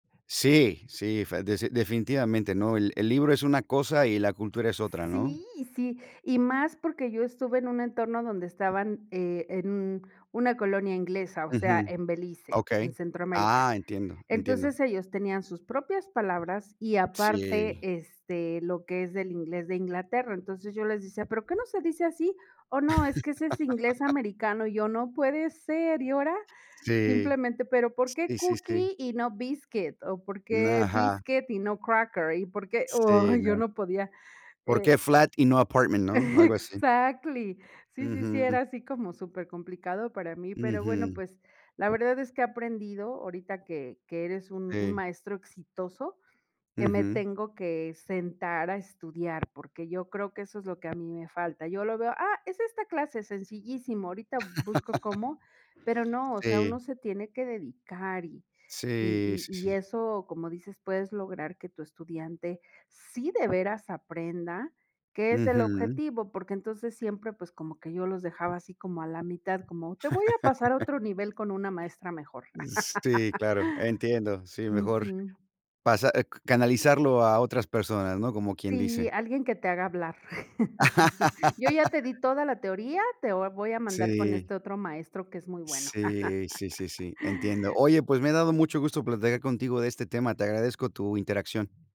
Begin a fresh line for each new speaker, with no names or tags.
Sí, sí, fe des definitivamente, ¿no? El el libro es una cosa y la cultura es otra, ¿no?
Sí, sí. Y, más, porque yo estuve en un entorno donde estaban, eh, en un una colonia inglesa, o sea,
Ujú,
en Belice, en
okey.
Centroamérica.
Ah, entiendo, entiendo.
Entonces, ellos tenían sus propias palabras y aparte,
Sí.
este, lo que es del inglés de Inglaterra. Entonces, yo les decía: "Pero ¿qué no se dice así?". "Oh, no, es que ese es inglés americano". Y yo: "No puede ser". Y ahora
Sí,
simplemente, pero: "¿Por qué
sí, sí, sí.
cookie, y no biscuit?". O: "¿Por
N
qué
Ajá.
biscuit y no cracker? ¿Y por qué?".
Sí,
Ay, yo
no.
no podía,
¿Por
eh
qué flat y no apartment, no? Algo así.
Exactly. Sí, sí, sí,
Ujú.
era así como supercomplicado para mí, pero bueno,
Ujú.
pues, la verdad es que he aprendido ahorita que que eres un un
Que
maestro exitoso, que me
Ujú.
tengo que sentar a estudiar, porque yo creo que eso es lo que a mí me falta, y yo lo veo: "Ah, es esta clase, sencillísimo, ahorita busco cómo". Pero no, o sea,
Sí.
uno se tiene que dedicar, y y
Sí, sí,
y y
sí, sí.
eso, como dices, puedes lograr que tu estudiante sí de veras aprenda, que es el
Ujú.
objetivo, porque entonces siempre, pues, como que yo los dejaba así como a la mitad, como: "Te voy a pasar a otro nivel con una maestra mejor".
Sí, claro, entiendo. Sí, mejor
Ujú.
pasa, eh canalizarlo a otras personas, ¿no? Como quien dice.
Sí, alguien que te haga hablar. Yo ya te di toda la teoría, te vo voy a mandar con
Sí.
este otro maestro que es muy bueno.
Sí, sí, sí, sí, entiendo. Oye, pues me ha dado mucho gusto platicar contigo de este tema. Te agradezco tu interacción.